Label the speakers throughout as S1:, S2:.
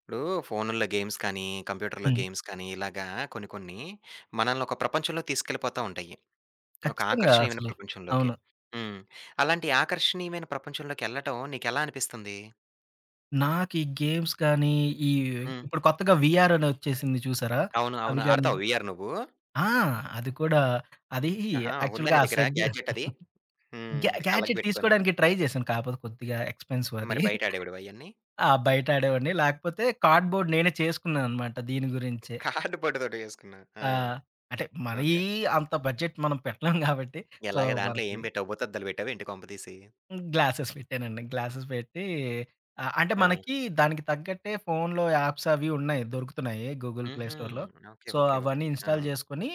S1: ఇప్పుడు ఫోనుల్లో గేమ్స్ కానీ, కంప్యూటర్‌లో
S2: హ్మ్.
S1: గేమ్స్ కాని ఇలాగా కొన్ని కొన్ని మనల్ని ఒక ప్రపంచంలోకి తీసుకెళ్ళిపోతా ఉంటాయి. ఒక
S2: ఖచ్చితంగా.
S1: ఆకర్షణీయమైన
S2: అసలు.
S1: ప్రపంచంలోకి,
S2: అవును.
S1: హ్మ్. అలాంటి ఆకర్షణీయమైన ప్రపంచంలోకెళ్ళటం నీకెలా అనిపిస్తుంది?
S2: నాకీ గేమ్స్ గానీ ఈ
S1: హ్మ్.
S2: ఇప్పుడు కొత్తగా వీఆర్ అనొచ్చేసింది చూసారా!
S1: అవును.
S2: అవి
S1: అవును.
S2: గాని
S1: ఆడతావా వీఆర్ నువ్వు?
S2: ఆ! అది కూడా అదీ
S1: ఆహా! ఉందా
S2: యాక్చువల్‌గా
S1: నీ
S2: ఆ
S1: దగ్గర
S2: సెడ్డు
S1: గ్యాడ్జెట్ అది? హ్మ్.
S2: గ్యా
S1: కళ్ళకి
S2: గ్యాడ్జెట్
S1: బెట్టుకొని.
S2: తీసుకోడానికి ట్రై జేశాను. కాకపోతే కొద్దిగా ఎక్స్‌పెన్సీవ్ అదీ.
S1: మరి బయటాడేవాడివా ఇయన్నీ?
S2: ఆ! బయటాడేవాన్ని. లాకపోతే కార్డ్‌బోర్డ్ నేనే చేసుకున్నా అనమాట దీని గురించే.
S1: కార్డుబోర్డుతోటి జేసుకున్నా ఆ!
S2: ఆ! అంటే మరీ
S1: ఓకే.
S2: అంత బడ్జెట్ మనం పెట్టలేం గాబట్టి సో,
S1: ఎలాగ? దాంట్లో
S2: మనకి
S1: ఏం బెట్టావు? భూతద్దాలు బెట్టావా ఏంటి? కొంప తీసి!
S2: హ్మ్. గ్లాసెస్ పెట్టానండి. గ్లాసెస్ పెట్టి అ అంటే,
S1: ఆ!
S2: మనకి దానికి తగ్గట్టే ఫోనులో యాప్స్ అవీ ఉన్నాయి. దొరుకుతున్నాయి గూగుల్ ప్లే
S1: హుహు.
S2: స్టోర్‌లో.
S1: ఓకే.
S2: So,
S1: okay.
S2: అవన్నీ
S1: ఓకే. ఆ!
S2: ఇన్‌స్టాల్ జేసుకొని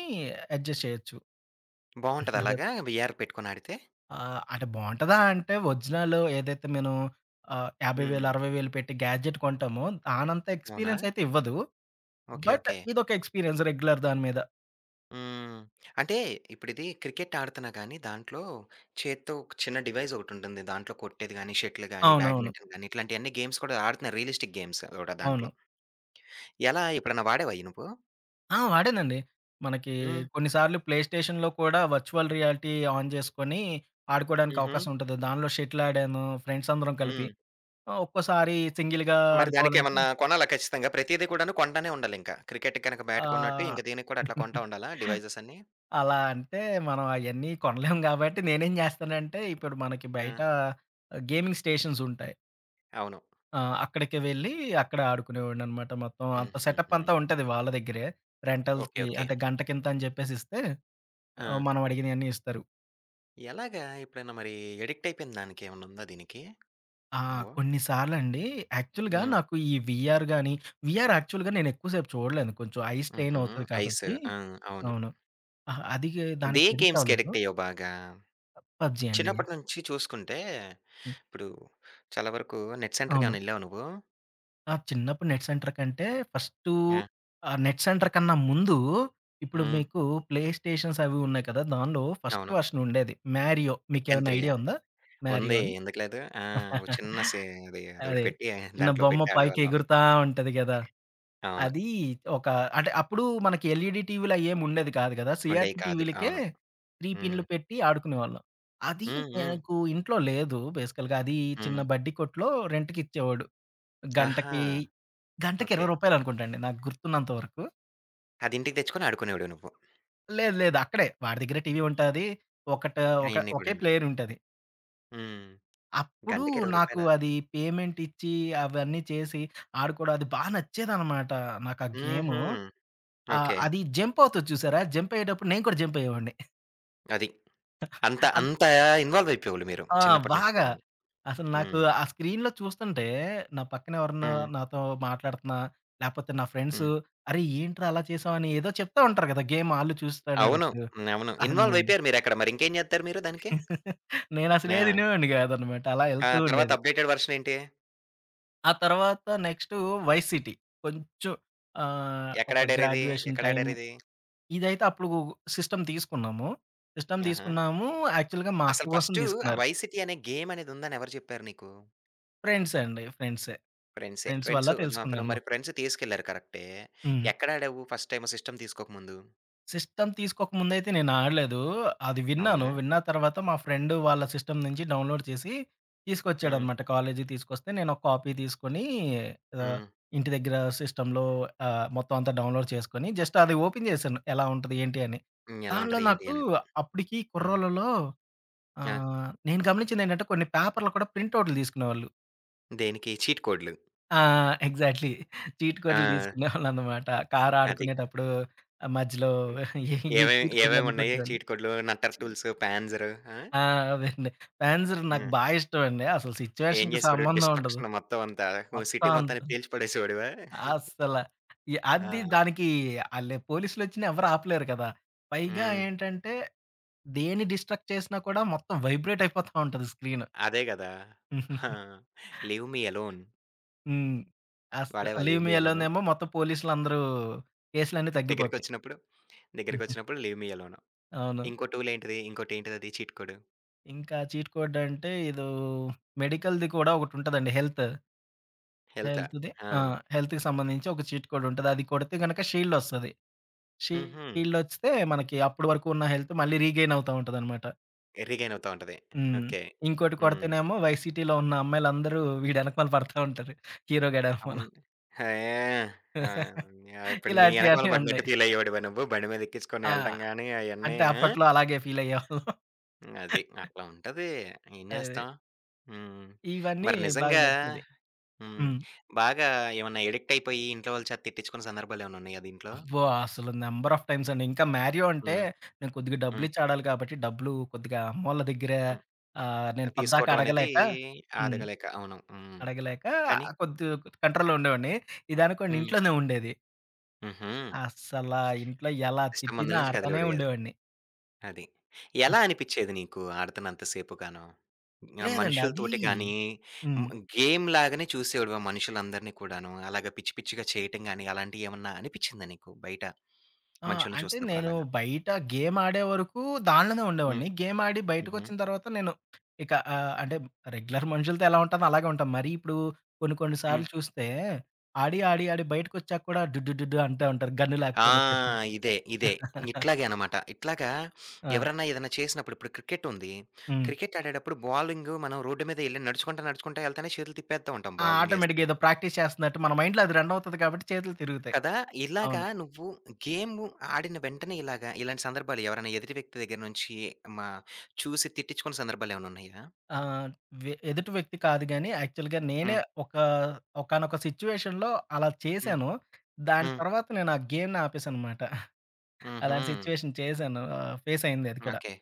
S2: అడ్జస్ట్ జెయొచ్చు.
S1: బావుంటదా
S2: అదే.
S1: అలాగా? వీఆర్ పెట్టుకొనాడితే!
S2: ఆహ్, అంటే బావుంటదా? అంటే, ఒరిజినల్ ఏదైతే మెను ఆహ్, యాభై వేలు
S1: హుహు.
S2: అరవై వేలు పెట్టి గ్యాడ్జెట్ కొంటామో దానంత
S1: అవునా!
S2: ఎక్స్‌పీరియన్స్ అయితే ఇవ్వదు.
S1: ఓకె.
S2: But
S1: okay.
S2: ఇదొక ఎక్స్‌పీరియన్స్ రెగ్యులర్ దాని మీద.
S1: హ్మ్. అంటే ఇప్పుడిదీ క్రికెట్ ఆడుతన్నా గాని దాంట్లో చేత్తో ఒక చిన్న డివైస్ ఒకటుంటుంది. దాంట్లో కొట్టేది గాని, షటిల్ గాని,
S2: అవునవును.
S1: బ్యాడ్మింటన్ గాని ఇట్లాంటియన్ని గేమ్స్ కూడా ఆడుతున్నారు రియలిస్టిక్ గేమ్స్ అది గూడా దాంట్లో.
S2: అవును.
S1: ఎలా? ఎప్పుడైనా వాడావా అయి నువ్వు?
S2: ఆ! వాడానండి. మనకి
S1: హ్మ్.
S2: కొన్ని సార్లు ప్లే స్టేషన్‌లో కూడా వర్చువల్ రియాలిటీ ఆన్ జేసుకొని ఆడుకోవడానికి
S1: హుహు.
S2: అవకాశం ఉంటది. దాంట్లో షటిల్ ఆడాను ఫ్రెండ్సందరం కలిపి.
S1: హ్మ్.
S2: ఆహ్, ఒక్కోసారి సింగిల్‌‌‌గా
S1: మరి
S2: ఆడుకోవాలంటే
S1: దానికేమన్నా కొనాలా ఖచ్చితంగా? ప్రతిది కూడాను కొంటనే ఉండాలింకా. క్రికెట్టుకి గనక బ్యాట్ కొన్నట్టు
S2: ఆహ్.
S1: ఇంకా దీనికి కూడా అట్లా కొంటా ఉండాలా? డివైసెసన్నీ?
S2: అలా అంటే, మనం అయన్నీ కొనలేం కాబట్టి నేనేం జేస్తానంటే, ఇప్పుడు మనకి బయట
S1: ఆ!
S2: గేమింగ్ స్టేషన్సుంటాయి.
S1: అవును.
S2: ఆ! అక్కడికి వెళ్లి అక్కడ ఆడుకునేవాడిననమాట. మొత్తం అంతా.
S1: హుహుహు.
S2: సెటపంతా ఉంటది వాళ్ళ దగ్గరే.
S1: ఓకే.
S2: రెంటల్‌కి
S1: ఓకే.
S2: అంటే గంటకింత అని జెప్పేసిస్తే ఆహ్,
S1: ఆ!
S2: మనం అడిగినయన్నీ ఇస్తారు.
S1: ఎలాగా? ఎప్పుడైనా మరి ఎడిక్టయిపోయిన దానికేమన్నుందా దీనికి?
S2: ఆ!
S1: నువ్వు?
S2: కొన్ని సార్లండి యాక్చువల్‌గా
S1: హ్మ్.
S2: నాకు ఈ వీఆర్ గాని వీఆర్ యాక్చువల్‌గా నేనెక్కువ సేపు చూడలేను. కొంచెం ఐ స్ట్రెయిన్
S1: హుహు.
S2: అవుతది
S1: ఐసు.
S2: కాబట్టి
S1: ఆ! అవును. హ్మ్.
S2: అవును. అహా! అది
S1: ఏ
S2: దానికి ఎడిక్టవ్వలేదు.
S1: గేమ్స్‌కెడిక్టయ్యావు బాగా?
S2: పబ్‌జి అండి.
S1: చిన్నపట్నుంచి చూసుకుంటే,
S2: హ్మ్.
S1: ఇప్పుడు చాలా వరకు నెట్
S2: అవును.
S1: సెంటర్‌కేమైనా ఎళ్ళావా నువ్వు?
S2: ఆ! చిన్నప్పుడు నెట్ సెంటర్‌కంటే, ఫస్టూ
S1: ఆ!
S2: ఆ నెట్ సెంటర్ కన్నా ముందూ ఇప్పుడు
S1: హ్మ్.
S2: మీకు ప్లే స్టేషన్సవి ఉన్నాయి కదా! దాన్లో ఫస్ట్
S1: అవును.
S2: వర్షన్ ఉండేది. మ్యారియో.
S1: డెక్కన్
S2: మీకేమన్నా
S1: త్రీయా?
S2: ఐడియా ఉందా? మ్యారియో
S1: ఉంది.
S2: అని?
S1: ఎందుకు లేదు! ఆ! ఒక చిన్న సే అది అదొకటి
S2: అదే.
S1: పెట్టి
S2: చిన్న
S1: దాంట్లో
S2: బొమ్మ
S1: పెట్టి
S2: పైకి
S1: ఆడేవాళ్ళం.
S2: ఎగురుతా ఉంటది గదా!
S1: అవును.
S2: అదీ ఒక అంటే అప్పుడు మనకి ఎల్‌ఈడీ టీవీలు అయ్యేం ఉండేది కాదు గదా!
S1: ఉండేయి
S2: సీఆర్‌పి
S1: కాదు.
S2: టీవీలకే
S1: అవును.
S2: 3
S1: హ్మ్.
S2: పిన్నులు పెట్టి ఆడుకునేవాళ్ళం. అదీ
S1: హ్మ్. హ్మ్.
S2: నాకు ఇంట్లో లేదు బేసికల్‌గా అది చిన్న
S1: హ్మ్.
S2: బడ్డి కొట్టులో రెంట్‌కిచ్చేవాడు.
S1: ఆహా!
S2: గంటకి గంటకి
S1: ఓకే.
S2: 20 రూపాయలనుకుంటా అండి నాకు గుర్తున్నంత వరకు.
S1: అది ఇంటికి తెచ్చుకొని ఆడుకునేవాడివి నువ్వు.
S2: లేదు, లేదు అక్కడే వాడి దగ్గరే టీవీ ఉంటాది ఒకటా ఒక
S1: అయన్నీ
S2: ఒకే
S1: కూడాను.
S2: ప్లేయరుంటది.
S1: హ్మ్.
S2: అప్పుడు
S1: గంటకి 20
S2: నాకు
S1: రూపాయలా
S2: అది పేమెంట్టిచ్చి అవన్నీ చేసి, ఆడుకోవడం అది బా నచ్చేదన్నమాట. నాకా గేము
S1: హుహు.
S2: ఆహ్,
S1: ఓకే.
S2: అది జంప్పవుతది చూసారా! జంపయ్యేటప్పుడు నేను కూడా జంపయ్యేవాడిని.
S1: అది. అంత
S2: అం
S1: అంత ఇన్వాల్వ్ అయిపోయవోళ్ళు మీరు.
S2: ఆ!
S1: చిన్నప్పటినుంచి
S2: బాగా.
S1: కూడాను.
S2: అసలు నాకు
S1: హ్మ్.
S2: ఆ స్క్రీన్‌లో చూస్తుంటే, నా పక్కన ఎవరన్నా
S1: హ్మ్.
S2: నాతో మాట్లాడుతున్నా లేపోతే నా ఫ్రెండ్స్
S1: హ్మ్.
S2: అరె! ఏంట్రా అలా చేసావు అని ఏదో చెప్తా ఉంటారు కదా! గేమ్ ఆళ్ళు
S1: అవును.
S2: చూస్తానేటప్పుడు.
S1: హ్మ్. అవును. ఇన్వాల్వ్
S2: అన్నీ.
S1: అయిపోయారు మీరక్కడ మరి ఇంకేం జేత్తరు మీరు దానికి?
S2: నేనసలు
S1: ఆ!
S2: ఏది ఇనేవాడిని కాదనమాట. అలా
S1: ఆ!
S2: ఎళ్తూ
S1: తరువాత
S2: ఉండేది.
S1: అప్‌‌డే‌టెడ్ వెర్షన్ ఏంటి?
S2: ఆ! తర్వాత నెక్స్టు వై సీటీ కొంచెం ఆహ్, ఒక
S1: ఎక్కడాడారిది,
S2: గ్రాడ్యుయేషన్ టైమ్
S1: ఎక్కడాడారిది?
S2: ఇదైతే అప్పుడూ సిస్టమ్ తీసుకున్నాము. సిస్టమ్
S1: ఆహా!
S2: తీసుకున్నాము, యాక్చువల్‌గా మా అక్క
S1: అసల
S2: కోసం
S1: ఫస్టు ఆ
S2: తీసుకున్నారు.
S1: వై సిటీ అనే గేమనేదుందని ఎవరు చెప్పారు నీకు?
S2: ఫ్రెండ్స్ అండి. ఫ్రెండ్సే
S1: ఫ్రెండ్సే.
S2: ఫ్రెండ్స్
S1: ఫ్రెండ్స్
S2: వల్ల
S1: ఆహ్, ఫ్రా
S2: తెలుసుకున్నాను మొత్తం.
S1: ఫ్రెండ్స్ తీసుకెళ్లారు కరెక్టే,
S2: హ్మ్.
S1: ఎక్కడ ఆడావు, ఫస్ట్ టైమ్ సిస్టమ్ తీసుకోక ముందు?
S2: సిస్టమ్ తీసుకోక ముందయితే నేనాడలేదూ. అది విన్నాను,
S1: అవునా!
S2: విన్నా తరవాత, మా ఫ్రెండూ వాళ్ళ సిస్టమ్ నించి డౌన్‌లోడ్ చేసీ
S1: హ్మ్.
S2: తీసుకొచ్చాడనమాట. కాలేజుకి తీసుకొస్తే, నేనొక కాపీ తీసుకొనీ ఆహ్,
S1: హ్మ్.
S2: ఇంటి దగ్గరా సిస్టమ్‌లో ఆహ్, మొత్తమంతా డౌన్‌లోడ్ చేసుకొని, జస్టది ఓపెన్ జేశాను, ఎలా ఉంటది, ఏంటి అని.
S1: హ్మ్. ఎలా
S2: దానిలో
S1: ఉంటది, ఏంటి
S2: నాకూ
S1: అనేది.
S2: అప్పుడికీ
S1: హ్మ్.
S2: కుర్రోళ్ళలో
S1: ఆ!
S2: ఆహ్, నేను గమనిచ్చిందేంటంటే, కొన్ని పేపర్లు కూడా ప్రింటవుట్లు దీసుకునేవాళ్ళు.
S1: దేనికీ, చీట్ కోడ్లు.
S2: ఆ! ఎగ్జాక్ట్‌లీ. చీట్ కోడ్లు
S1: ఆ!
S2: దీసుకునేవాళ్ళనమాట.
S1: అది.
S2: కారాడుకునేటప్పుడూ ఆహ్, మధ్యలో
S1: హ్మ్.
S2: ఈ చీట్
S1: ఏవేవ్
S2: కోడ్‌లన్నీ
S1: ఏవేవున్నాయి
S2: కొట్టేవోళ్ళు.
S1: చీట్ కోడ్లు, నట్టర్
S2: ఛీ
S1: టూల్స్, ప్యాంజరు. ఆ!
S2: ఆ! అవెండి. ప్యాంజర్ నాకు
S1: ఆ!
S2: బా ఇష్టవండి. అసలు
S1: ఏం
S2: సిచ్యువేషన్‌కి
S1: జేసేవోడివి,
S2: సంబంధవుండదు.
S1: డిస్ట్రక్షన్ మొత్తమంతా. ఓ
S2: మొత్తం
S1: సిటీ
S2: అంత
S1: మొత్తాన్ని పేల్చి పడేసేవోడివా?
S2: అస్సల. ఎ అది
S1: ఆ!
S2: దానికీ ఆ లె పోలీసులొచ్చినా ఎవ్వరాపలేరు కదా! పైగా
S1: హ్మ్.
S2: ఏంటంటే, దేని డిస్ట్రక్ట్ చేసినా కూడా మొత్తం వైబ్రేటయిపోతా ఉంటది స్క్రీను.
S1: అదే గదా! ఆ! Leave me alone.
S2: హ్మ్. అస్
S1: వాడావా
S2: leave
S1: leave
S2: me
S1: me
S2: alone
S1: alone?
S2: ఏమో! మొత్తం పోలీసులందరూ కేస్లన్నీ తగ్గిపోతాయి.
S1: దెగ్గరకొచ్చినప్పుడు, దెగ్గరకొచ్చినప్పుడు లీవ్ మీ ఎలోను.
S2: అవును.
S1: ఇంకో టూలేంటిది? ఇంకోటేంటిదది చీట్ కోడు?
S2: ఇంకా చీట్ కోడ్ అంటే, ఎదో మెడికల్‌ది కూడా ఒకటుంటదండి. హెల్త్.
S1: హెల్తా?
S2: హెల్త్‌ది ఆ!
S1: ఆ!
S2: హెల్త్‌కి సంబంధించి ఒక చీట్ కోడ్ ఉంటది. అది కొడితే గనుక షీల్డొస్తది.
S1: హుహు.
S2: షీల్డొస్తే మనకి అప్పటి వరకున్న హెల్తు మళ్లీ రీగెయినవుతా ఉంటదన్నమాట.
S1: ఎ రీగెయినవుతా ఉంటది.
S2: హ్మ్.
S1: ఓకే.
S2: ఇంకోటి
S1: హ్మ్.
S2: కొడితేనేమో, వై సిటీలో ఉన్న అమ్మాయిలందరూ వీడెనకమాల పడతా ఉంటారు. హీరో గాడెనకమాల.
S1: అవును. హేయ్! ఆ! హ్మ్. ఇప్పుడు నీ
S2: ఇలాంటివి
S1: యెనకమాల
S2: అన్ని
S1: పడినట్టు
S2: ఉన్నాయి.
S1: ఫీలయ్యేవాడివ నువ్వు, బండి మీద ఎక్కించుకొని
S2: ఆ!
S1: యెళ్ళటం గాని అయన్నీ?
S2: అంటే
S1: ఆ!
S2: అప్పట్లో అలాగే ఫీలయ్యేవాళ్ళం.
S1: హ్మ్. అది. అట్లా ఉంటది ఏం
S2: అది.
S1: జేస్తాం. హ్మ్.
S2: ఇవన్నీ
S1: మరి
S2: బాగా
S1: నిజంగా
S2: నచ్చేది.
S1: హ్మ్.
S2: హ్మ్.
S1: బాగా ఏమన్నా ఎడిక్టయిపోయి ఇంట్లో వాళ్ళు చేత తిట్టించుకున్న సందర్భాలేమన్నున్నాయా దీంట్లో?
S2: అబ్బో! అసలు నంబర్ ఆఫ్ టైమ్స్ అండి. ఇంకా మారియో అంటే,
S1: హ్మ్.
S2: నేను కొద్దిగా
S1: హ్మ్.
S2: డబ్బులిచ్చి ఆడాలి కాబట్టి, డబ్బులు కొద్దిగా అమ్మోళ్ళ దెగ్గర
S1: హ్మ్.
S2: ఆహ్,
S1: ఆ
S2: నేను పొద్దాకా
S1: తీసుకోవటం అనేది
S2: అడగలేక హ్మ్.
S1: అడగలేక. అవును. హ్మ్.
S2: అడగలేక
S1: కానీ
S2: ఆహ్, కొద్దు కొద్ది కంట్రోల్‌లో ఉండేవాడిని. ఇది అనుకోండి
S1: హ్మ్.
S2: ఇంట్లోనే ఉండేది.
S1: హుహు.
S2: అస్సలా ఇంట్లో ఎలా
S1: సిస్టమ్ మందుల
S2: తిట్టినా
S1: నుంచి
S2: ఆడతానే
S1: కదిలేవోడివి గాదు.
S2: ఉండేవాడిని.
S1: అది.
S2: హ్మ్.
S1: ఎలా అనిపిచ్చేది నీకు ఆడుతున్నంత సేపుగానో? ఇంగ
S2: లేదండి. అదీ
S1: మనుషులతోటి గానీ, హ్మ్,
S2: హ్మ్.
S1: గేమ్ లాగానే చూసేవాడివా మనుషులందరినీ కూడాను అలాగా? పిచ్చి, పిచ్చిగా చేయటం గానీ, అలాంటియేమన్నా అనిపిచ్చిందా నీకు, బయట
S2: ఆ!
S1: మనుషుల్ని
S2: అంటే,
S1: చూస్తున్నప్పుడు
S2: నేను
S1: అలాగా?
S2: బయట గేమాడేవరకు దానిలోనే
S1: హ్మ్.
S2: ఉండేవాడిని. గేమాడి
S1: హుహు.
S2: బయటకొచ్చిన తర్వాత, నేను ఇక ఆహ్, అంటే రెగ్యులర్ మనుషులతో ఎలా ఉంటానో అలాగే ఉంటాను. మరి ఇప్పుడు కొన్ని, కొన్ని
S1: హ్మ్.
S2: సార్లు చూస్తే, ఆడి, ఆడి, ఆడి బయటకొచ్చాక కూడా డుడ్‌డుడ్‌డుడ్‌డూ అంటా ఉంటారు, గన్ను
S1: ఆ!
S2: లేకపోయినా ఒచ్చేసి.
S1: ఇదే, ఇదే. ఇట్లాగే అన్నమాట. ఇట్లాగా
S2: ఆ!
S1: ఎవరన్నా, ఏదన్నా చేసినప్పుడు, ఇప్పుడు క్రికెట్టుంది.
S2: హ్మ్.
S1: క్రికెటాడేటప్పుడు బౌలింగు మనం రోడ్ మీద వెళ్లి నడుచుకుంటా, నడుచుకుంటా ఏల్తానే చేతులు తిప్పేత్తా ఉంటాం
S2: ఆ!
S1: బాలింగ్
S2: ఆటోమేటిక్‌గా ఏదో
S1: ఏస్తున్నట్టు.
S2: ప్రాక్టీస్ చేస్తున్నట్టు, మన మైండ్‌లో అది రనవుతాది కాబట్టి చేతులు తిరుగుతాయి.
S1: కదా! ఇలాగ
S2: అవును.
S1: నువ్వు గేము ఆడిన వెంటనే, ఇలాగ ఇలాంటి సందర్భాలు ఎవరైనా ఎదుటి వ్యక్తి దగ్గరనుంచి మా చూసి తిట్టించుకున్న సందర్భాలేమన్నున్నాయా?
S2: ఆ! వె ఎదుటి వ్యక్తి కాదు గాని, యాక్చువల్‌గా నేనే
S1: హ్మ్.
S2: ఒక ఒకానొక సిట్యుయేషన్‌లో అలా
S1: హ్మ్.
S2: చేశాను. దాని
S1: హ్మ్.
S2: తర్వాత నేను ఆ గేమ్‌ని ఆపేశాననమాట. అలాంటి
S1: హుహు.
S2: సిట్యుయేషన్ చేశాను. ఫేసయింది అది కూడా.
S1: ఓకే.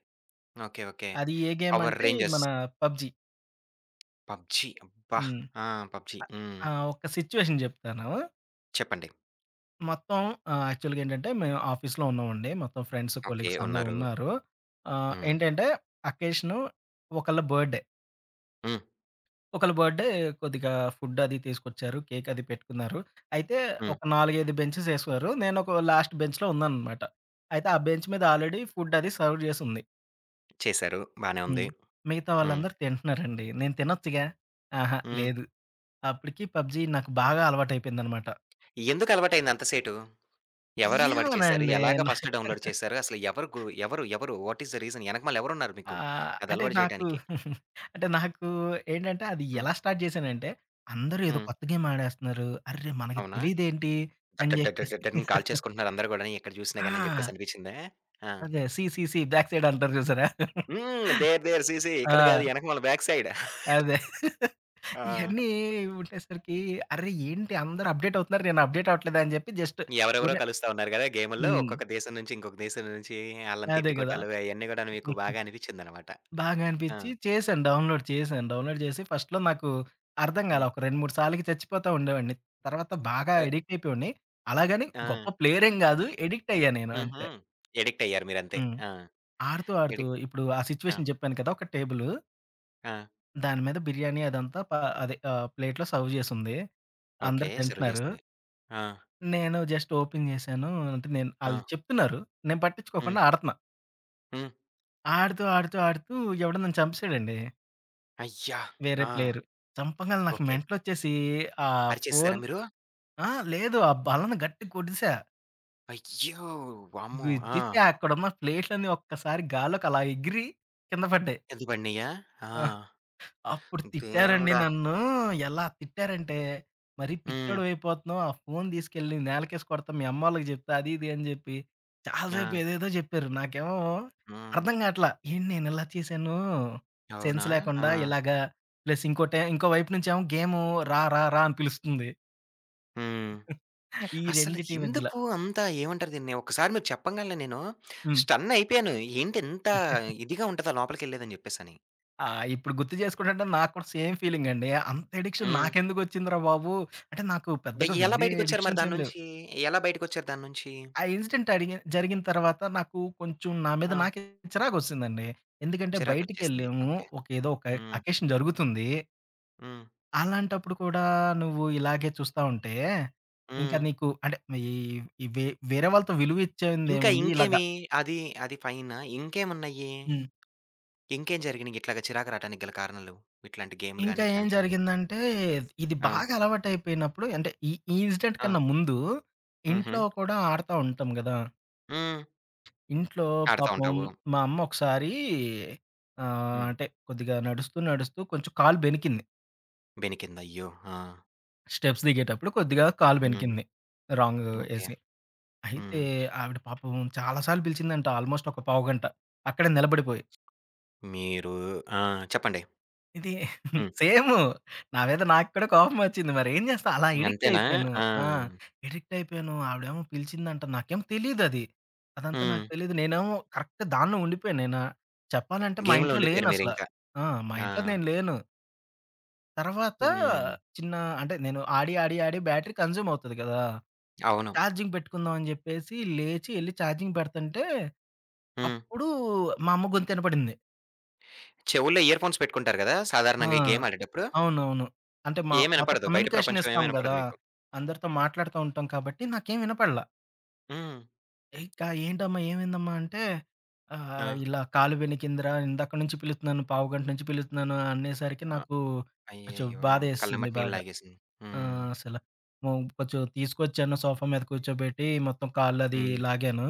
S1: ఓకే. ఓకే.
S2: అది ఏ
S1: పవర్
S2: గేమంటే, ఇది
S1: రేంజర్స్.
S2: మన పబ్‌జీ.
S1: పబ్‌జీ అబ్బా!
S2: హ్మ్.
S1: ఆ పబ్‌జీ
S2: అ
S1: హ్మ్.
S2: ఆ! ఒక సిట్యుయేషన్ జెప్తాను.
S1: చెప్పండి.
S2: మొత్తం ఆహ్, యాక్చువల్‌గేంటంటే మేము ఆఫీస్‌లో ఉన్నాం అండి. మొత్తం ఫ్రెండ్స్,
S1: ఓకే.
S2: కొలీగ్స్ అందరు
S1: ఉన్నారు.
S2: ఉన్నారు. ఆహ్,
S1: హ్మ్.
S2: ఏంటంటే అకేషను ఒకల బర్త్‌డే.
S1: హ్మ్.
S2: ఒకల బర్త్‌డే కొద్దిగా ఫుడ్డది తీసుకొచ్చారు, కేకది పెట్టుకున్నారు, అయితే
S1: హ్మ్.
S2: ఒక 4, 5 బెంచెస్ ఏశారు, నేను ఒక లాస్ట్ బెంచ్‌లో ఉన్నానన్నమాట. అయితే, ఆ బెంచ్ మీద ఆల్రెడీ ఫుడ్డది సర్వ్ జేసుంది.
S1: చేసారు. బానే
S2: హ్మ్.
S1: ఉంది.
S2: మిగతా
S1: హ్మ్.
S2: వాళ్ళందరూ తింటున్నారండి. నేను తినొచ్చుగా, అహా!
S1: హ్మ్.
S2: లేదు అప్పడికి పబ్‌జీ నాకు బాగా అలవాటైయిపోయిందన్నమాట.
S1: ఎందుకు అలవాటైయింది అంత సేటు. ఎవరు అలవాటు చేసారు?
S2: ఏమోనండి.
S1: ఎలాగా
S2: నాకు
S1: ఫస్టు డౌన్‌లోడ్ చేసారు? అసలు ఎవరు గూ ఎవరు, ఎవరు? వాట్ ఐస్ ది రీజన్ ఎనకమాల ఎవరు ఉన్నారు మీకు?
S2: ఆహ్,
S1: అది
S2: అంటే
S1: అలవాటు
S2: నాకు
S1: చేయటానికి?
S2: అంటే నాకు ఏంటంటే, అది
S1: హ్మ్.
S2: ఎలా స్టార్ట్ జేశానంటే, అందరు ఏదో
S1: హ్మ్.
S2: కొత్త గేమ్ ఆడేస్తున్నారు. అర్రే! మనకు
S1: అవునా?
S2: తెలీదేంటి అని
S1: దడ్, దడ్, దడ్,
S2: చెప్పేసి
S1: దడని కాల్చేసుకుంటున్నారు అందరు కూడా ఎక్కడ చూసినా గాని అని చెప్పేసి
S2: ఆ!
S1: అనిపించిందా? ఆ!
S2: అదే see see see back side అంటారు చూసారా.
S1: హ్మ్. దేర్ దేర్ సీ సీ ఇక్కడ కాదు
S2: ఆ!
S1: ఎనకమాల బ్యాక్ సైడ్.
S2: అదే.
S1: ఆ!
S2: ఇయన్నీ ఉండేసరికి అర్రె! ఏంటి అందరు అప్‌డేటవుతున్నారు, నేను అప్‌డేట్ అవ్వట్లేదని చెప్పి, జస్ట్
S1: ఎవరెవరో
S2: ఉరినే
S1: కలుస్తా ఉన్నారు గదా! గేముల్లో,
S2: హ్మ్.
S1: ఒక్కొక్క దేశం నుంచి, ఇంకొక దేశం నుంచి ఆళ్ళని
S2: అదే కదా!
S1: తిట్టుకొటాలు, అయన్నీ కూడా మీకు బాగా అనిపించిందనమాట.
S2: బాగా
S1: ఆ!
S2: అనిపించి చేశాను డౌన్‌లోడ్ చేశాను, డౌన్‌లోడ్ చేసి ఫస్ట్‌లో నాకు అర్థం కాలా.
S1: హ్మ్.
S2: ఒక 2, 3 సార్లు చచ్చిపోతా ఉండేవాడిని. తరువాత, బాగా
S1: అ
S2: ఎడిక్టయిపోయవాడిని. అలాగని గొప్ప
S1: ఆ!
S2: ప్లేయరెమి గాదు ఎడిక్టయ్యాను నేను
S1: హుహు.
S2: అంతే.
S1: ఎడిక్టయ్యారు మీరు అంతే.
S2: హ్మ్.
S1: ఆ!
S2: ఆడుతూ, ఆడుతూ
S1: ఎడిక్ట్
S2: ఇప్పుడు ఆ
S1: ఆ!
S2: సిట్యుయేషన్ చెప్పాను కదా! ఒక టేబులు
S1: ఆ!
S2: దాని మీద బిర్యానీ అదంతా పా అదే ఆహ్, ప్లేట్‌లో సర్వ్ జేసుంది.
S1: ఓకే.
S2: అందరు
S1: సర్వ్
S2: తింటన్నారు.
S1: చేసున్నాయి. ఆ!
S2: నేను జస్ట్ ఓపెన్ జేశానూ. అంటే, నేన్ ఆళ్ళు
S1: ఆ!
S2: చెప్తున్నారు, నేను పట్టిచ్చుకోకుండా
S1: హ్మ్.
S2: ఆడతన్నా.
S1: హ్మ్.
S2: ఆడుతూ, ఆడుతూ, ఆడుతూ ఎవడో నన్ను చంపేశాడండి.
S1: అయ్యా!
S2: వేరే
S1: ఆ!
S2: ప్లేయరు. చంపంగాలనే నాకు
S1: ఓకే.
S2: మెంటలొచ్చేసీ ఆహ్,
S1: అరిచేసేశారా
S2: ఫోను
S1: మీరు?
S2: ఆ! లేదు. ఆ బల్లని గట్టిగ కొట్టేశా.
S1: అయ్యో! వామ్మో!
S2: గుద్దితే
S1: ఆ!
S2: అక్కడున్న ప్లేట్లన్నీ ఒక్కసారి గాలిలోకలా ఎగిరి, కింద పడ్డాయి.
S1: కింద పడినియ్యా? ఆ!
S2: ఆ! అప్పుడు
S1: హ్మ్.
S2: తిట్టారండి
S1: దేవుడా!
S2: నన్నూ ఎలా తిట్టారంటే, "మరి
S1: హ్మ్.
S2: పిచ్చోడివయిపోతన్నావు. ఆ ఫోను దీసుకెళ్ళి నేలకేసి కొడతా, మీయమ్మోళ్ళకి జెప్తా" అది, ఇది అని జెప్పి, చాలాసేపు
S1: ఆ!
S2: ఏదేదో జెప్పారు. నాకేమో
S1: హ్మ్.
S2: అర్థంగాటల్లా. ఏంటి నేనిలా చేశానూ
S1: అవునా!
S2: సెన్స్ లేకుండా
S1: ఆ!
S2: ఇలాగ, ప్లస్ ఇంకోటే ఇంకో వైపు నుంచేమో గేమూ రా, రా, రా అని పిలుస్తుంది.
S1: హ్మ్.
S2: ఈ
S1: అసలు
S2: రెండిటి మధ్యలో.
S1: ఎందుకూ అంత ఏవంటారు దీన్ని, ఒక్కసారి మీరు చెప్పంగలనే నేనూ
S2: హ్మ్.
S1: స్టన్నయిపోయాను. ఏంటి ఇంతా ఇదిగా ఉంటదా లోపలికెళ్ళేదని చెప్పేసని.
S2: ఆ! ఇప్పుడు గుర్తు జేసుకుంటంటే, నాకు కూడా సేమ్ ఫీలింగండీ. అంతెడిక్షన్
S1: హ్మ్.
S2: నాకెందుకొచ్చింది రా బాబు, అంటే, నాకు
S1: బ
S2: పెద్దగా
S1: ఎలా
S2: వేరే
S1: బయటికొచ్చారు మరి దాని
S2: ఎడిక్షన్సేం లేవు.
S1: నుంచీ? ఎలా బయటికొచ్చారు దాని నుంచీ?
S2: ఆ ఇన్సిడెంటడిగిన్ జరిగిన తరవాత, నాకు కొంచుం నా మీద
S1: ఆ!
S2: నాకే చిరాకొచ్చేసిందండి. ఎందుకంటే,
S1: చిరాకొచ్చేసింది.
S2: బయిటికెళ్ళాము,
S1: ఓకే.
S2: ఒక ఏదో ఒక
S1: హ్మ్.
S2: అకేషన్ జరుగుతుందీ
S1: హ్మ్.
S2: అలాంటప్పుడు కూడా నువ్వు ఇలాగే చూస్తా ఉంటే, ఇంకా
S1: హ్మ్.
S2: నీకు అంటే, ఈ వే వేరే వాళ్ళతో విలువ
S1: ఇంకా,
S2: ఇచ్చేందేముంది ఇలాగ
S1: ఇంకేమి అది, అది పైన ఇంకేమున్నాయి?
S2: హ్మ్.
S1: ఇంకేం జరిగినాయి ఇట్లాగా చిరాకు రావటానికి గల కారణాలు? ఇట్లాంటి గేమ్లు గాని,
S2: ఇంకా ఏం
S1: ఇట్లాంటియన్నీ.
S2: జరిగిందంటే, ఇది
S1: ఆ!
S2: బాగా అలవాటు అయిపోయినప్పుడు అంటే, ఈ ఈ ఇన్సిడెంట్
S1: ఆ!
S2: కన్నా ముందు, ఇంట్లో
S1: హుహు.
S2: కూడా ఆడతా ఉంటాం గదా!
S1: హ్మ్.
S2: ఇంట్లో
S1: ఆడతా
S2: పాపం
S1: ఉంటావు.
S2: మా అమ్మ ఒకసారి ఆహ్,
S1: హ్మ్.
S2: అంటే కొద్దిగా నడుస్తూ, నడుస్తూ కొంచెం కాలు బెణికింది.
S1: బెనికింది. అయ్యో! ఆ!
S2: స్టెప్స్ దిగేటప్పుడు కొద్దిగా కాలు
S1: హ్మ్.
S2: బెణికింది. Wrong
S1: okay.
S2: ఏసి, అయితే
S1: హ్మ్.
S2: ఆవిడ పాపం చాలా సార్లు పిలిచిందంట ఆల్మోస్ట్ ఒక పావుగంట అక్కడే నిలబడిపోయి.
S1: మీరు ఆ! చెప్పండి.
S2: ఇది
S1: హ్మ్.
S2: సేము నా మీద నాకు కూడా కోపం వచ్చింది మరేం చేస్తాం. అలా
S1: అంతేనా!
S2: అడిక్టయిపోయాను.
S1: ఆ!
S2: ఆ! అడిక్టయిపోయాను, ఆవిడెమో పిలిచిందంట, నాకేమో తెలిదది. అదంతా నాకు
S1: హ్మ్.
S2: తెలీదు. నేనేమో కరెక్ట్‌ దానిలో ఉండిపోయాను నేనా చెప్పాలంటే మా
S1: గేమ్‌లో
S2: ఇంట్లో లేను
S1: ఉండిపోయారు
S2: అసల.
S1: మీరింకా.
S2: ఆ! మా
S1: ఆ!
S2: ఇంట్లో నేను లేను. తర్వాత
S1: హ్మ్.
S2: చిన్న అంటే నేను ఆడి, ఆడి, ఆడి బ్యాటరీ కన్జ్యూమ్ అవుతాది కదా!
S1: అవును.
S2: చార్జింగ్ పెట్టుకుందాం అని చెప్పేసి, లేచి ఎళ్లి చార్జింగ్ పెడుతుంటే.
S1: హ్మ్.
S2: అప్పుడు మా అమ్మ గొంతినపడింది.
S1: చెవులో ఇయర్‌ఫోన్స్ పెట్టుకుంటారు కదా!
S2: ఆ!
S1: సాధారణంగా ఈ గేమ్ ఆడేటప్పుడు?
S2: అవునవును. అంటే మా మొత్తం
S1: ఏమినపడదు, బయట
S2: కమ్యూనికేషన్
S1: ప్రపంచం ఏం
S2: ఇస్తాం
S1: వినపడదు
S2: కదా!
S1: మీకు.
S2: అందరితో మాట్లాడుతూ ఉంటాం కాబట్టి నాకేం వినపడల.
S1: హ్మ్.
S2: ఇంకా ఏంటమ్మా, ఏమైందమ్మా? అంటే ఆహ్,
S1: ఆ!
S2: "ఇలా కాలు వెణికిందిరా. ఇందాక నుంచి పిలుస్తున్నాను, పావుగంట నుంచి పిలుస్తున్నాను" అనేసరికి
S1: అ
S2: నాకు కొంచెం
S1: అయ్యయ్యో!
S2: బాధేసింది
S1: కళ్ళమ్మట నీళ్ళు
S2: బాగా.
S1: లాగేసింది. హ్మ్.
S2: ఆహ్, అసలు కొంచెం తీసుకొచ్చాను, సోఫా మీద కూర్చోబెట్టి మొత్తం కాళ్లు అది
S1: హ్మ్.
S2: లాగాను.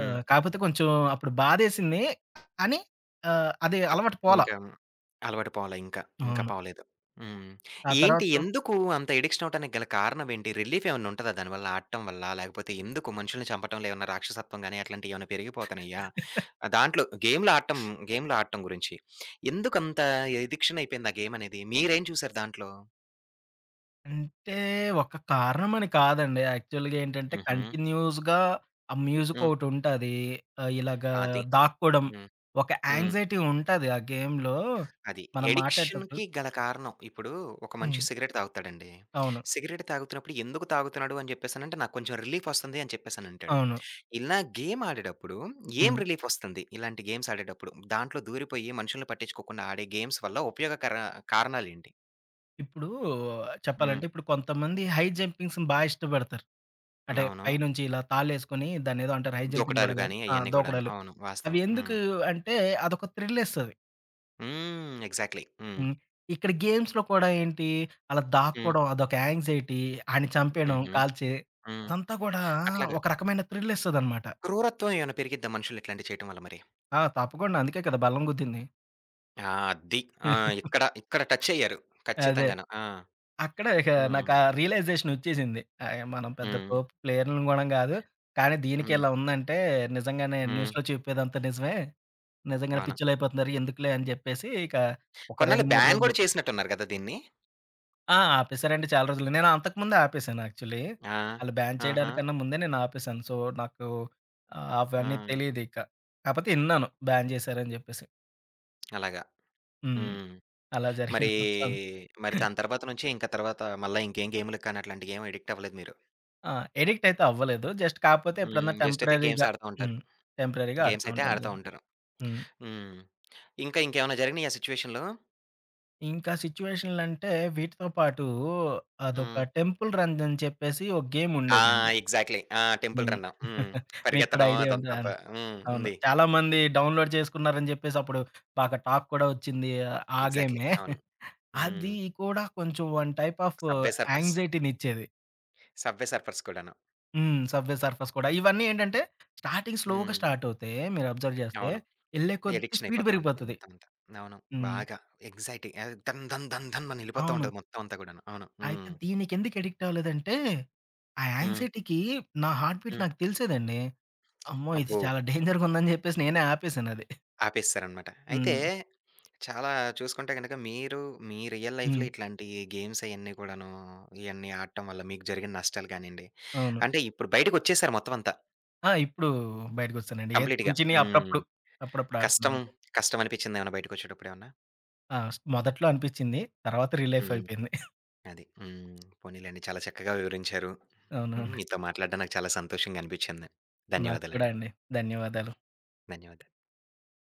S2: ఆహ్, కాకపోతే కొంచెం అప్పుడు బాధేసింది కాని, ఆహ్, అది
S1: తప్
S2: అలవాటు పోలా.
S1: ఇంకా అలవాటు పోల. ఇంకా ఇంకా
S2: అవును.
S1: పోలేదు. హ్మ్,
S2: ఆ
S1: ఏంటి?
S2: తరువాత
S1: ఎందుకు అంత అడిక్షన్ అవ్వటానికి గల కారణం ఏంటి? రిలీఫేమన్నా ఉంటదా దానివల్ల, ఆడటం వల్ల? లేకపోతే ఎందుకు మనుషుల్ని చంపటం వల్ల ఏమన్నా రాక్షసత్వం గానీ, అట్లాంటివి ఏమైనా పెరిగిపోతున్నాయా? దాంట్లో గేమ్లు ఆడటం, గేమ్లు ఆడటం గురించి ఎందుకంత అడిక్షన్ అయిపోయింది ఆ గేమనేది? మీరేం చూసారు దాంట్లో?
S2: అంటే ఒక కారణం అని కాదండి. యాక్చువల్‌గా ఏంటంటే,
S1: హుహు.
S2: కంటిన్యూయస్‌గా ఆ మ్యూజిక్
S1: హ్మ్.
S2: ఒకటి ఉంటాది. ఇలాగా
S1: అది.
S2: దాక్కోడం
S1: హ్మ్,
S2: ఒక
S1: హ్మ్.
S2: యాంక్సైటీ ఉంటది. ఆ గేమ్‌లో
S1: అది.
S2: మనం మాట్లాడేటప్పుడు
S1: అడిక్షన్‌కి గల కారణం. ఇప్పుడు ఒక మనిషి
S2: హ్మ్.
S1: సిగరెట్ తాగుతాడండి.
S2: అవును.
S1: సిగరెట్ తాగుతున్నప్పుడు, ఎందుకు తాగుతున్నాడు? అని చెప్పేసి అడిగితే, నాకు కొంచెం రిలీఫ్ వస్తుంది, అని చెప్పేసనంటాడు.
S2: అవును.
S1: ఇలా గేమ్ ఆడేటప్పుడు ఏం
S2: హ్మ్.
S1: రిలీఫ్ వస్తుంది? ఇలాంటి గేమ్స్ ఆడేటప్పుడు, దాంట్లో దూరిపోయి మనుషుల్ని పట్టించుకోకుండా ఆడే గేమ్స్ వల్ల ఉపయోగకర కారణాలేంటి?
S2: ఇప్పుడూ
S1: హ్మ్.
S2: చెప్పాలంటే, ఇప్పుడు కొంతమంది హై జంపింగ్స్‌ని బా ఇష్టపడతారు. అంటే, పై
S1: అవును.
S2: నుంచి ఇలా తాళ్ళేసుకొనీ దాన్నేదో అంటారు, హై జంపింగ్
S1: దూకటాలు
S2: గూడా గాదు.
S1: గానీ
S2: ఆ!
S1: అయన్నీ కూడాను.
S2: దూకడాలు.
S1: అవును. వాస్తవం.
S2: అవి
S1: హ్మ్.
S2: ఎందుకూ అంటే, అదొక థ్రిల్లిస్తది.
S1: హ్మ్. ఎగ్జాక్ట్‌లీ. హ్మ్.
S2: హ్మ్. ఇక్కడ గేమ్స్‌లో కూడా ఏంటి, అలా
S1: హ్మ్.
S2: దాక్కోడం, అదొక యాంక్సైటీ. ఆడిని చంపేయడం
S1: హుహు.
S2: కాల్చి,
S1: హ్మ్.
S2: అదంతా గూడా
S1: అట్లాగా.
S2: ఒక రకమైన థ్రిల్లిస్తదనమాట.
S1: క్రూరత్వం ఏవన్నా పెరిగిద్దా మనుషులు ఇట్లాంటియి చెయటం వల్ల మరి?
S2: ఆ! తప్పకుండా. అందుకే కదా! బల్లను గుద్దింది.
S1: ఆ! అద్ది. ఆ! ఇక్కడ, ఇక్కడ టచ్చయ్యారు.
S2: అదే.
S1: ఖచ్చితంగాను. ఆ!
S2: అక్కడే ఇక నాకా
S1: హ్మ్.
S2: రియలైజేషనొచ్చేసింది. ఆహ్, య మనం పెద్ద
S1: హ్మ్.
S2: తోపు ప్లేయర్లుం గూడా గాదు, కానీ దీనికే
S1: హ్మ్.
S2: ఇలా ఉందంటే, నిజంగానే
S1: హ్మ్.
S2: న్యూస్‌లో చెప్పేదంతా నిజమే. నిజంగానే
S1: అవును.
S2: పిచ్చోలుళ్ళయిపోతున్నారు, ఎందుకులే అని జెప్పేసీ ఇక ఒక
S1: కొన్నాళ్ళు
S2: 2, 3
S1: బ్యాన్
S2: రోజులు
S1: గూడా చేసినట్టున్నారు గదా! దీన్ని?
S2: ఆ! ఆపేశారండి చాలా రోజులు. నేను అంతకముందే ఆపేశాను యాక్చుల్లీ.
S1: ఆ!
S2: ఆళ్ళు బ్యాన్
S1: ఆహా!
S2: చెయ్యడానికన్నా ముందే నేనాపేశాను. సో, నాకు అవన్నీ
S1: ఆ!
S2: తెలీదిక. కాపోతే ఇన్నాను బ్యాన్ జేశారని జెప్పేసి.
S1: అలాగా.
S2: హ్మ్.
S1: హ్మ్.
S2: అలా
S1: మరీ,
S2: జరిగింది మొత్తం.
S1: మరి దాని తర్వాత నుంచి ఇంకా తర్వాత మళ్ళా ఇంకేం గేములకు కానీ, అట్లాంటియేమి ఎడిక్టవ్వలేదు మీరు.
S2: ఆ! ఎడిక్టయితే అవ్వలేదు. జస్ట్ కాపోతే ఎప్పుడన్నా
S1: హ్మ్. జస్ట్ అయితే గేమ్స్
S2: టెంపరరీగా
S1: ఆడతా ఉంటారు.
S2: హ్మ్. టెంపరరీగా
S1: గేమ్స్
S2: ఆడతా
S1: అయితే
S2: ఉంటాను.
S1: ఆడతా ఉంటారు.
S2: హ్మ్.
S1: హ్మ్. ఇంకా ఇంకేమన్నా జరిగినాయా సిట్యుయేషన్లు.
S2: ఇంకా సిట్యుయేషన్లంటే వీటితో పాటు అదొక
S1: హ్మ్.
S2: టెంపుల్ రన్ అని చెప్పేసి ఓ గేమ్
S1: ఆ!
S2: ఉండేదండి.
S1: ఎగ్జాక్ట్‌లీ ఆ! టెంపుల్
S2: హ్మ్.
S1: రన్ను. హ్మ్.
S2: మీకు కూడా
S1: పరిగెత్తడం
S2: ఐడియా
S1: అదంతా
S2: ఉందా!
S1: ప హ్మ్.
S2: అవును
S1: ఉంది.
S2: చాలా మంది డౌన్‌లోడ్ చేసుకున్నారని జెప్పేసప్పుడు బాగా టాక్ కూడా వచ్చింది ఆ
S1: ఎగ్జాక్ట్‌లీ
S2: గేమే
S1: అవును.
S2: అది
S1: హ్మ్.
S2: కూడా కొంచెం one type of
S1: subway surfers.
S2: యాంక్సైటీనిచ్చేది.
S1: సబ్‌‌వే సర్ఫర్స్ కూడాను.
S2: హ్మ్. సబ్‌వే సర్ఫర్స్ కూడా ఇవన్నీ ఏంటంటే స్టార్టింగ్ స్లోగా
S1: హ్మ్.
S2: స్టార్ట్ అవుతే మీరు అబ్జర్వ్ జేస్తే
S1: అవును.
S2: యెళ్ళే కొద్ది
S1: ఎడిక్షన్
S2: స్పీడ్
S1: అయిపోతా ఉంటది
S2: పెరిగిపోతది.
S1: మొత్తం అంతా. అవును.
S2: హ్మ్.
S1: బాగా. ఎక్సైటీ. అదే ధన్ ధన్ ధన్ ధన్ అని యెళ్ళిపోతా
S2: అవును.
S1: ఉంటది. మొత్తం అంతా కూడాను అవును.
S2: అయితే
S1: హ్మ్.
S2: దీనికెందుకు ఎడిక్ట్ అవ్వలేదంటే ఆ
S1: హ్మ్.
S2: యాంక్సైటీకి నా హార్ట్ బీట్
S1: హ్మ్.
S2: నాకు తెలిసేదండి. అమ్మో! ఇది
S1: అబ్బో!
S2: చాలా డేంజర్‌గా ఉందని జెప్పేసి నేనే ఆపేసానది.
S1: ఆపేసేసారనమాట. అయితే
S2: హ్మ్.
S1: చాలా చూసుకుంటే గనుక మీరు మీ రియల్
S2: హ్మ్.
S1: లైఫ్‌లో ఇట్లాంటి గేమ్స్ అయన్ని కూడాను ఇయన్నీ ఆడటం వల్ల మీకు జరిగిన నష్టాలు గానియండి
S2: అవును.
S1: అంటే ఇప్పుడు బయటికొచ్చేసారు మొత్తం అంతా.
S2: ఆ! ఇప్పుడూ బయటికొచ్చేసానండి. ఏ
S1: కంప్లీట్‌గా
S2: చిన్ని చిన్నియి
S1: హ్మ్,
S2: అప్పుడప్పుడు, అప్పుడప్పుడు ఆడుతున్నా
S1: కష్టం,
S2: అంతే.
S1: కష్టం అనిపిచ్చిందా ఏమన్నా? బయటికొచ్చేటప్పుడేమన్నా?
S2: ఆ! స్ మొదట్లో అనిపిచ్చింది. తర్వాత రీలీఫ్
S1: హ్మ్.
S2: అయిపోయింది.
S1: అది. హ్మ్. పోనిలెండి చాలా చక్కగా వివరించారు. హ్మ్,
S2: అవునవును.
S1: మీతో మాట్లాడడం నాకు చాలా సంతోషంగా అనిపించింది.
S2: నాకు కూడా
S1: ధన్యవాదాలండి.
S2: అండి. ధన్యవాదాలు.
S1: ధన్యవాదాలు.